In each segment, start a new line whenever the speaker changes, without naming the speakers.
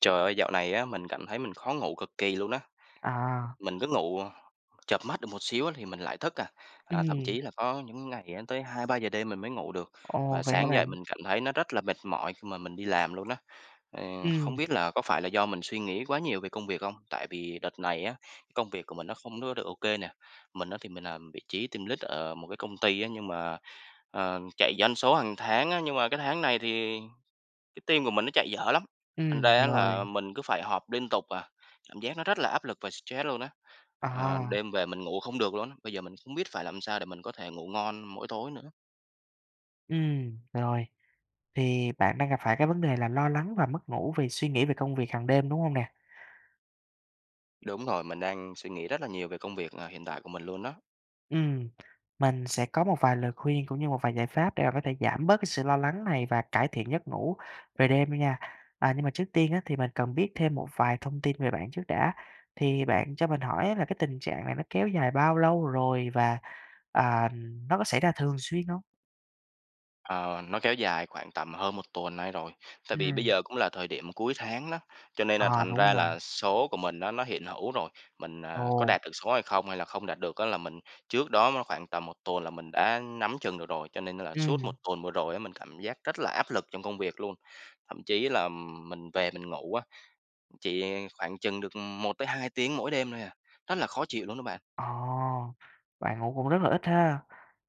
Trời ơi! Dạo này á, mình cảm thấy mình khó ngủ cực kỳ luôn á.
À.
Mình cứ ngủ, chợp mắt được một xíu á thì mình lại thức à. À, thậm
Ừm.
chí là có những ngày á, tới 2-3 giờ đêm mình mới ngủ được
Ồ,
và
vậy hả
sáng dậy
bạn?
mình cảm thấy nó rất là mệt mỏi khi mà mình đi làm luôn á. Ừm, không
Ừm.
biết là có phải là do mình suy nghĩ quá nhiều về công việc không? Tại vì đợt này á, công việc của mình nó không có được ô kê nè. Mình á thì mình làm vị trí team lead ở một cái công ty á nhưng mà, ờm, chạy doanh số hàng tháng á, nhưng mà cái tháng này thì cái team của mình nó chạy dở lắm, thành
Ừm,
ra á là
rồi.
mình cứ phải họp liên tục à. Cảm giác nó rất là áp lực và stress luôn á, ờ,
À.
đêm về mình ngủ không được luôn á, bây giờ mình không biết phải làm sao để mình có thể ngủ ngon mỗi tối nữa.
Ừm, rồi. Thì bạn đang gặp phải cái vấn đề là lo lắng và mất ngủ vì suy nghĩ về công việc hằng đêm, đúng không nè?
Đúng rồi, mình đang suy nghĩ rất là nhiều về công việc, à, hiện tại của mình luôn đó.
Ừm, mình sẽ có một vài lời khuyên cũng như một vài giải pháp để bạn có thể giảm bớt cái sự lo lắng này và cải thiện giấc ngủ về đêm luôn nha. À nhưng mà trước tiên á, thì mình cần biết thêm một vài thông tin về bạn trước đã, thì bạn cho mình hỏi á là cái tình trạng này nó kéo dài bao lâu rồi và, à, nó có xảy ra thường xuyên hông?
Ờ, nó kéo dài khoảng tầm hơn 1 tuần nay rồi, tại vì bây
Ừm.
giờ cũng là thời điểm mà cuối tháng đó, cho nên là
À,
thành
đúng
ra
rồi.
là số của mình á nó hiện hữu rồi, mình, ờ, có
Ồ.
đạt được số hay không hay là không đạt được á là mình trước đó á khoảng tầm 1 tuần là mình đã nắm chừng được rồi. Cho nên là suốt 1
Ừm.
tuần vừa rồi á mình cảm giác rất là áp lực trong công việc luôn, thậm chí là mình về mình ngủ á, chỉ khoảng chừng được 1-2 tiếng mỗi đêm thôi à, rất là khó chịu luôn đó bạn.
Ồ, bạn ngủ cũng rất là ít ha!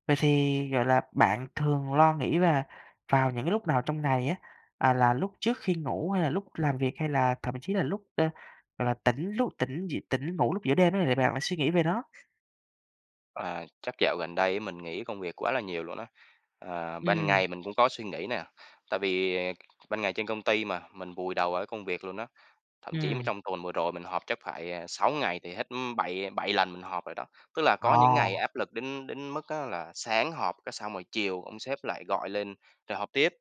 Vậy thì, gọi là, bạn thường lo nghĩ và vào những cái lúc nào trong ngày á, à là lúc trước khi ngủ hay là lúc làm việc hay là thậm chí là lúc, ờ, gọi là, tỉnh lúc tỉnh d tỉnh ngủ lúc giữa đêm đó thì bạn lại suy nghĩ về nó?
À, chắc dạo gần đây á, mình nghĩ công việc quá là nhiều luôn á, ờ, ban
Ừm.
ngày mình cũng có suy nghĩ nè, tại vì ban ngày trên công ty mà mình vùi đầu vào cái công việc luôn á. Thậm chí mà
Ừm.
trong tuần vừa rồi mình họp chắc phải, ờ, 6 ngày thì hết bảy bảy lần mình họp rồi đó, tức là có những ngày
À!
áp lực đến đến mức á là sáng họp cái xong rồi chiều ông sếp lại gọi lên, rồi họp tiếp.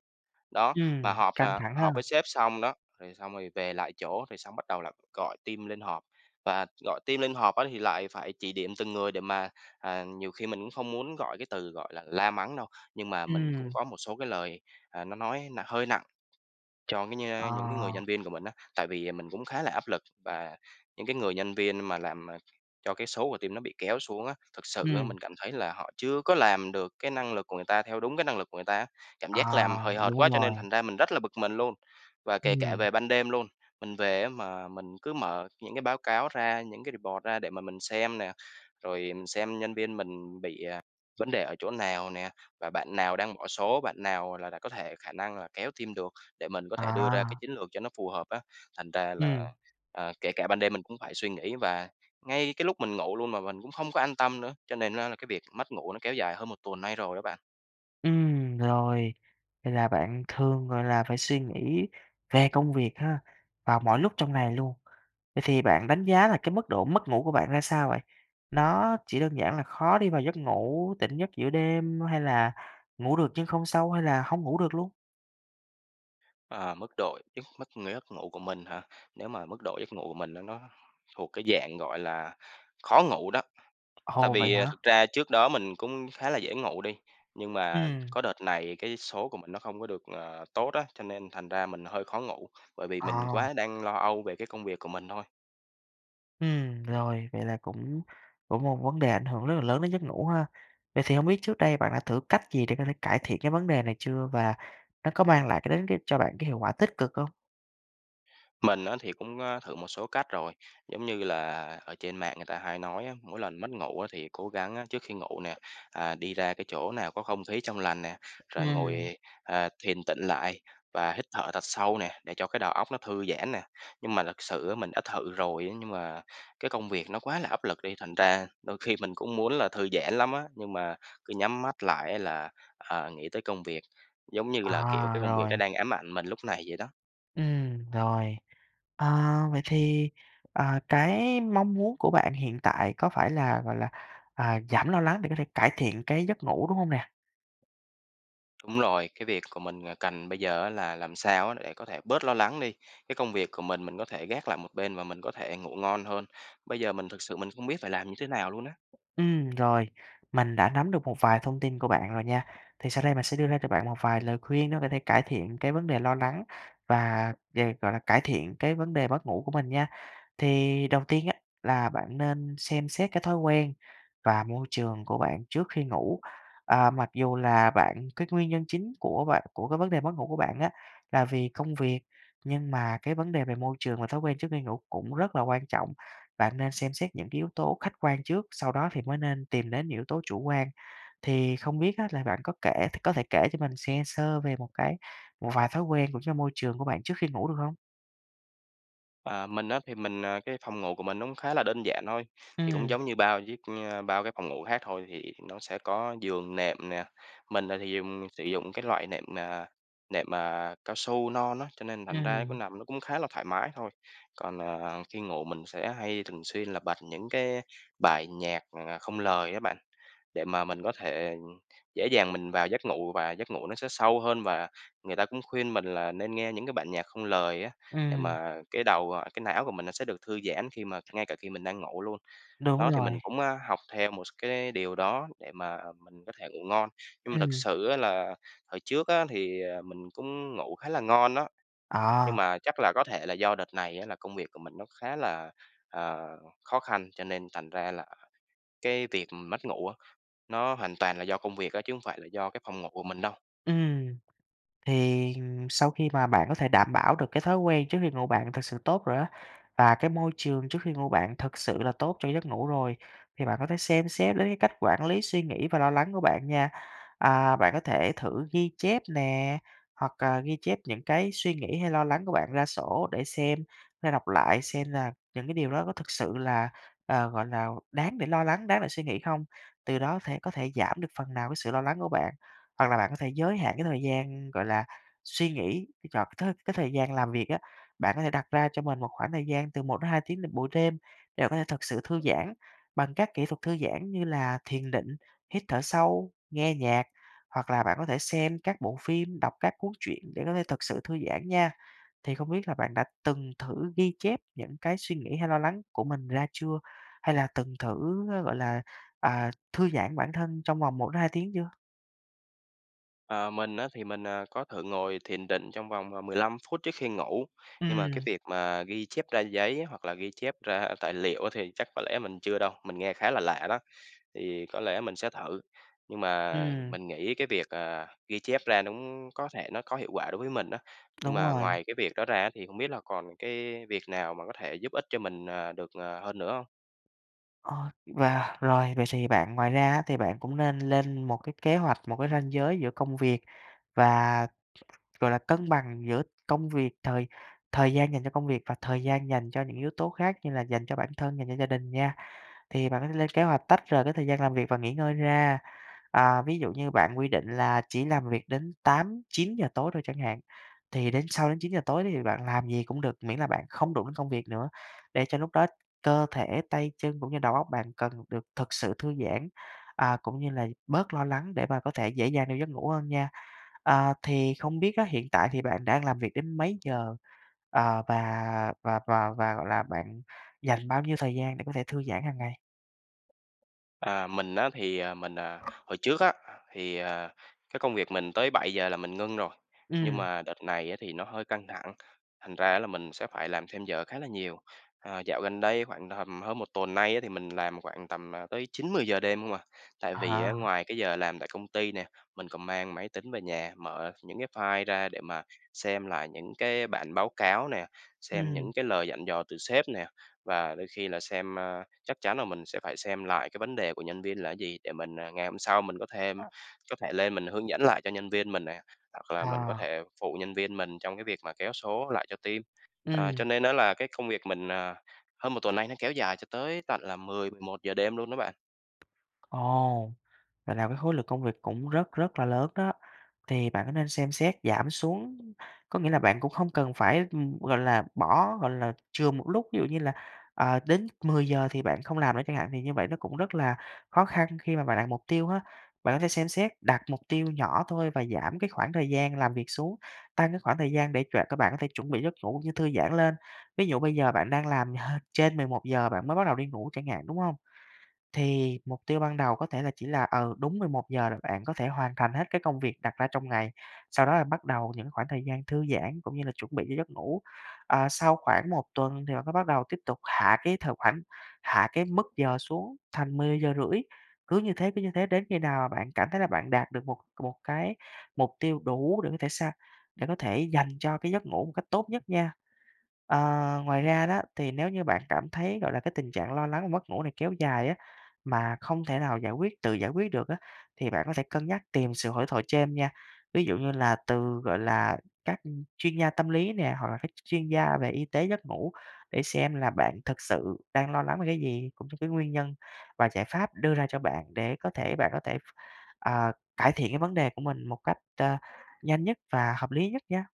Đó, mà
Ừm,
họp
căng
nè
thẳng
họp
ha.
với sếp xong đó, rồi xong rồi về lại chỗ rồi xong bắt đầu là gọi team lên họp, và gọi team lên họp á thì lại phải chỉ điểm từng người để mà, ờ, nhiều khi mình cũng không muốn gọi cái từ, gọi là, la mắng đâu, nhưng mà mình cũng
Ừm.
có một số cái lời, à, nó nói nặng hơi nặng cho cái
Ờ.
như những cái người nhân viên của mình á, tại vì mình cũng khá là áp lực, và những cái người nhân viên mà làm, ờ, cho cái số của team nó bị kéo xuống á, thực sự á
Ừm.
mình cảm thấy là họ chưa có làm được cái năng lực của người ta theo đúng cái năng lực của người ta á, cảm giác
À,
làm hời hợt
đúng
quá
luôn
cho nên
rồi.
thành ra mình rất là bực mình luôn. Và kể cả
Ừm.
về ban đêm luôn, mình về á mà mình cứ mở những cái báo cáo ra, những cái report ra để mà mình xem nè. Rồi mình xem nhân viên mình bị, à, vấn đề ở chỗ nào nè, và bạn nào đang bỏ số, bạn nào, gọi là, đã có thể khả năng là kéo team được, để mình có thể đưa ra cái
À!
chiến lược cho nó phù hợp á. Thành ra là,
Ừm.
ờ, kể cả ban đêm mình cũng phải suy nghĩ và ngay cái lúc mình ngủ luôn mà mình cũng không có an tâm nữa. Cho nên á là cái việc mất ngủ nó kéo dài hơn 1 tuần nay rồi đó bạn.
Ừm, rồi, vậy là bạn thường, gọi là, phải suy nghĩ về công việc ha, vào mọi lúc trong ngày luôn. Vậy thì bạn đánh giá là cái mức độ mất ngủ của bạn ra sao vậy? Nó chỉ đơn giản là khó đi vào giấc ngủ, tỉnh giấc giữa đêm, hay là ngủ được nhưng không sâu, hay là hông ngủ được luôn?
Ờ, mức độ chức mất ng giấc ngủ của mình hả? Nếu mà mức độ giấc ngủ của mình nó nó thuộc cái dạng, gọi là, khó ngủ đó. Tại
Ồ! Vậy
vì, à,
hả?
thực ra trước đó mình cũng khá là dễ ngủ đi, nhưng mà
Ừm.
có đợt này cái số của mình nó không có được, ờ, tốt á, cho nên thành ra mình hơi khó ngủ, bởi vì mình
Ờ.
quá đang lo âu về cái công việc của mình thôi.
Ừm, rồi vậy là cũng cũng một vấn đề ảnh hưởng rất là lớn đến giấc ngủ ha. Vậy thì hông biết trước đây bạn đã thử cách gì để có thể cải thiện cái vấn đề này chưa, và nó có mang lại cái đến cái cho bạn cái hiệu quả tích cực không?
Mình á thì cũng á thử một số cách rồi. Giống như là ở trên mạng người ta hay nói á, mỗi lần mất ngủ á thì cố gắng á trước khi ngủ nè, à, đi ra cái chỗ nào có không khí trong lành nè, rồi
Ừm.
ngồi, ờ, thiền tịnh lại và hít thở thật sâu nè, để cho cái đầu óc nó thư giãn nè. Nhưng mà lật sự á mình đã thử rồi á, nhưng mà cái công việc nó quá là áp lực đi, thành ra đôi khi mình cũng muốn là thư giãn lắm á, nhưng mà, cứ nhắm mắt lại á là, ờ, nghĩ tới công việc, giống như là, kiểu,
À,
cái công việc
rồi.
nó đang ám ảnh mình lúc này vậy đó.
Ừm, rồi. Ờ, vậy thì, ờ, cái mong muốn của bạn hiện tại có phải là, gọi là, ờ, giảm lo lắng để có thể cải thiện cái giấc ngủ đúng không nè?
Đúng rồi, cái việc của mình à cần bây giờ á là làm sao á để có thể bớt lo lắng đi, cái công việc của mình mình có thể gác lại một bên và mình có thể ngủ ngon hơn, bây giờ mình thực sự mình không biết phải làm như thế nào luôn á.
Ừm, rồi. Mình đã nắm được một vài thông tin của bạn rồi nha. Thì sau đây mình sẽ đưa ra cho bạn một vài lời khuyên để có thể cải thiện cái vấn đề lo lắng và về, gọi là, cải thiện cái vấn đề mất ngủ của mình nha. Thì đầu tiên á, là bạn nên xem xét cái thói quen và môi trường của bạn trước khi ngủ. Ờ, mặc dù là bạn, cái nguyên nhân chính của bạn của cái vấn đề mất ngủ của bạn á, là vì công việc, nhưng mà cái vấn đề về môi trường và thói quen trước khi ngủ cũng rất là quan trọng. Bạn nên xem xét những cái yếu tố khách quan trước, sau đó thì mới nên tìm đến những yếu tố chủ quan. Thì không biết á là bạn có kể có thể kể cho mình nghe sơ về một cái một vài thói quen sống trong môi trường của bạn trước khi ngủ được hông?
À, mình á, thì mình, ờ, cái phòng ngủ của mình nó cũng khá là đơn giản thôi, thì cũng
Ừm.
giống như bao d ờ, bao cái phòng ngủ khác thôi, thì nó sẽ có giường, nệm nè. Mình, à, thì dùng sử dụng cái loại nệm, à nệm, à, cao su non á, cho nên thành ra nó
Ừm
nằm nó cũng khá là thoải mái thôi. Còn, à, khi ngủ mình sẽ hay thường xuyên là bật những cái bài nhạc, à, không lời đó bạn, để mà mình có thể dễ dàng mình vào giấc ngủ và giấc ngủ nó sẽ sâu hơn và người ta cũng khuyên mình là nên nghe những cái bản nhạc không lời á, để
Ừm.
mà cái đầu, ờ cái não của mình nó sẽ được thư giãn khi mà ngay cả khi mình đang ngủ luôn.
Đúng
Đó, thì
rồi.
mình cũng, à, học theo một s cái điều đó để mà mình có thể ngủ ngon. Nhưng mà thực
Ừm.
sự á là hồi trước á thì, ờ, mình cũng ngủ khá là ngon á nhưng
À.
mà chắc là có thể là do đợt này á là công việc của mình nó khá là, ờ, khó khăn cho nên thành ra là cái việc mất ngủ á, nó hoàn toàn là do công việc á, chứ hông phải là do cái phòng ngủ của mình đâu.
Ừm. Thì, ừm, sau khi mà bạn có thể đảm bảo được cái thói quen trước khi ngủ bạn thực sự tốt rồi á, và cái môi trường trước khi ngủ bạn thực sự là tốt cho giấc ngủ rồi thì bạn có thể xem xét đến cái cách quản lý suy nghĩ và lo lắng của bạn nha. À, bạn có thể thử ghi chép nè hoặc là ghi chép những cái suy nghĩ hay lo lắng của bạn ra sổ để xem hay đọc lại xem là những cái điều đó có thực sự là, ờ, gọi là, đáng để lo lắng, đáng để suy nghĩ hông? Từ đó thể có thể giảm được phần nào cái sự lo lắng của bạn. Hoặc là bạn có thể giới hạn cái thời gian, gọi là, suy nghĩ, chọn cái thời cái thời gian làm việc á, bạn có thể đặt ra cho mình một khoảng thời gian từ 1-2 tiếng vào buổi đêm để bạn có thể thực sự thư giãn bằng các kỹ thuật thư giãn như là thiền định, hít thở sâu, nghe nhạc. Hoặc là bạn có thể xem các bộ phim, đọc các cuốn truyện để có thể thực sự thư giãn nha. Thì không biết là bạn đã từng thử ghi chép những cái suy nghĩ hay lo lắng của mình ra chưa? Hay là từng thử, ờ, gọi là, à, thư giãn bản thân trong vòng 1-2 tiếng chưa?
Ờ, mình á thì mình, ờ, có thử ngồi thiền định trong vòng, à, 15 phút trước khi ngủ, nhưng mà cái
Ừm.
việc mà ghi chép ra giấy hoặc là ghi chép ra tài liệu á thì chắc có lẽ mình chưa đâu. Mình nghe khá là lạ đó, thì có lẽ mình sẽ thử. Nhưng mà
Ừm.
mình nghĩ cái việc, à, ghi chép ra nũng có thể nó có hiệu quả đối với mình á, nhưng
Đúng
mà
rồi.
ngoài cái việc đó ra á thì không biết là còn cái việc nào mà có thể giúp ích cho mình, ờ, được, ờ, hơn nữa hông?
Ờ, và rồi, vậy thì bạn ngoài ra á thì bạn cũng nên lên một cái kế hoạch, một cái ranh giới giữa công việc và, gọi là, cân bằng giữa công việc, thời thời gian dành cho công việc và thời gian dành cho những yếu tố khác như là dành cho bản thân, dành cho gia đình nha. Thì bạn có thể lên kế hoạch tách rời cái thời gian làm việc và nghỉ ngơi ra, à, ví dụ như bạn quy định là chỉ làm việc đến 8:00-9:00 tối thôi chẳng hạn, thì đến sau đến 9:00 tối đi thì bạn làm gì cũng được, miễn là bạn không đụng đến công việc nữa để cho lúc đó cơ thể, tay chân cũng như đầu óc bạn cần được thực sự thư giãn, à, cũng như là bớt lo lắng để mà có thể dễ dàng vào giấc ngủ hơn nha. Ờ, thì không biết á, hiện tại thì bạn đang làm việc đến mấy giờ? À, và và và và, gọi là, bạn dành bao nhiêu thời gian để có thể thư giãn hằng ngày?
À, mình á thì, à, mình à, hồi trước á, thì, ờ, cái công việc mình tới 7:00 là mình ngưng rồi, nhưng
Ừm.
mà đợt này á thì nó hơi căng thẳng, thành ra á là mình sẽ phải làm thêm giờ khá là nhiều. Ờ, dạo gần đây khoảng tầm hơn 1 tuần nay á thì mình làm khoảng tầm, à, tới 9:00-10:00 đêm không à, tại vì á
À.
ngoài cái giờ làm tại công ty nè, mình còn mang máy tính về nhà, mở những cái file ra để mà xem lại những cái bản báo cáo nè, xem
Ừm.
những cái lời dặn dò từ sếp nè, và đôi khi là xem a, chắc chắn là mình sẽ phải xem lại cái vấn đề của nhân viên là cái gì để mình, ờ, ngày hôm sau mình có thêm có thể lên mình hướng dẫn lại cho nhân viên mình nè, hoặc là mình có
Ờ.
thể phụ nhân viên mình trong cái việc mà kéo số lại cho team. Ờ,
Ừm.
cho nên á là cái công việc mình, à, hơn 1 tuần nay nó kéo dài cho tới tận là 10:00-11:00 đêm luôn đó bạn.
Ồ, vậy là cái khối lượng công việc cũng rất, rất là lớn đó, thì bạn có nên xem xét giảm xuống? Có nghĩa là bạn cũng không cần phải, ừm, gọi là, bỏ gọi là, chừa một lúc, ví dụ như là, ờ, đến 10:00 thì bạn không làm nữa chẳng hạn, vì như vậy nó cũng rất là khó khăn khi mà bạn đặt mục tiêu á. Bạn có thể xem xét, đặt mục tiêu nhỏ thôi và giảm cái khoảng thời gian làm việc xuống, tăng cái khoảng thời gian để cho các bạn có thể chuẩn bị giấc ngủ như thư giãn lên. Ví dụ bây giờ bạn đang làm hơ trên 11:00 bạn mới bắt đầu đi ngủ chẳng hạn, đúng hông? Thì mục tiêu ban đầu có thể là chỉ là, ừ, đúng 11:00 là bạn có thể hoàn thành hết cái công việc đặt ra trong ngày, sau đó là bắt đầu những khoảng thời gian thư giãn cũng như là chuẩn bị cho giấc ngủ. Ờ, sau khoảng 1 tuần thì bạn mới bắt đầu tiếp tục hạ cái thời khoảnh hạ cái mức giờ xuống thành 10:30. Cứ như thế, cứ như thế đến khi nào bạn cảm thấy là bạn đạt được một một cái mục tiêu đủ để có thể sang để có thể dành cho cái giấc ngủ một cách tốt nhất nha. Ờ, ngoài ra đó, thì nếu như bạn cảm thấy, gọi là, cái tình trạng lo lắng và mất ngủ này kéo dài á, mà không thể nào giải quyết tự giải quyết được á, thì bạn có thể cân nhắc tìm sự hỗ thoại chêm nha. Ví dụ như là từ, gọi là, các chuyên gia tâm lý nè, hoặc là các ch chuyên gia về y tế giấc ngủ để xem là bạn thực sự đang lo lắng về cái gì, cũng như cái nguyên nhân và giải pháp đưa ra cho bạn để có thể bạn có thể ph ờ, cải thiện cái vấn đề của mình một cách ta nhanh nhất và hợp lý nhất nha.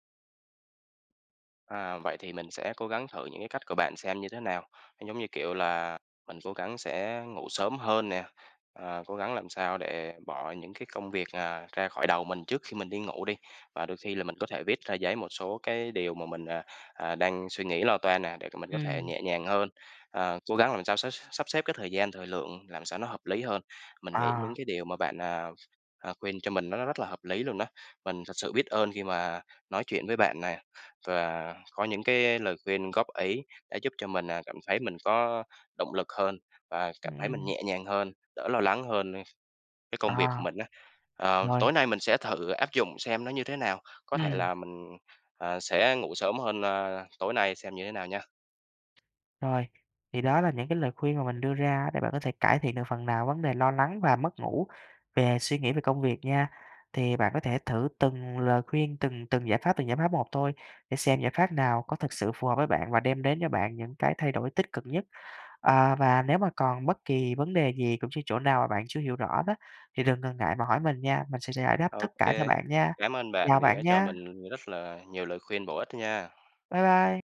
À, vậy thì mình sẽ cố gắng thử những cái cách của bạn xem như thế nào. Giống như kiểu là mình cố gắng sẽ ngủ sớm hơn nè, ờ, cố gắng làm sao để bỏ những cái công việc, à, ra khỏi đầu mình trước khi mình đi ngủ đi. Và đôi khi là mình có thể viết ra giấy một số cái điều mà mình, à, à, đang suy nghĩ lo toan nè để cho mình có thể
Ừm.
nhẹ nhàng hơn, ờ, cố gắng làm sao sắp x sắp xếp cái thời gian, thời lượng làm sao nó hợp lý hơn. Mình nghĩ những
À.
cái điều mà bạn, à, à, khuyên cho mình nó rất là hợp lý luôn đó. Mình thật sự biết ơn khi mà nói chuyện với bạn nè, và có những cái lời khuyên, góp ý, đã giúp cho mình, à, cảm thấy mình có động lực hơn, và cảm thấy mình
Ừm.
nhẹ nhàng hơn, đỡ lo lắng hơn cái công việc của
À.
mình á. Ờ,
Rồi.
tối nay mình sẽ thử áp dụng xem nó như thế nào, có thể
Ừm.
là mình, ờ, sẽ ngủ sớm hơn, ờ, tối nay xem như thế nào nha.
Rồi. Thì đó là những cái lời khuyên mà mình đưa ra á để bạn có thể cải thiện được phần nào vấn đề lo lắng và mất ngủ về suy nghĩ, về công việc nha. Thì bạn có thể thử từng lời khuyên, từng từng giải pháp, từng giải pháp một thôi, để xem giải pháp nào có thực sự phù hợp với bạn và đem đến cho bạn những cái thay đổi tích cực nhất. À, và nếu mà còn bất kỳ vấn đề gì cũng chư chỗ nào mà bạn chưa hiểu rõ đó, thì đừng ngần ngại mà hỏi mình nha, mình sẽ giải đáp
Ô
tất cả cho
kê,
bạn nha.
cảm ơn bạn
Chào
vì đã
bạn
cho
nha!
mình rất là nhiều lời khuyên bổ ích nha.
Bye bye!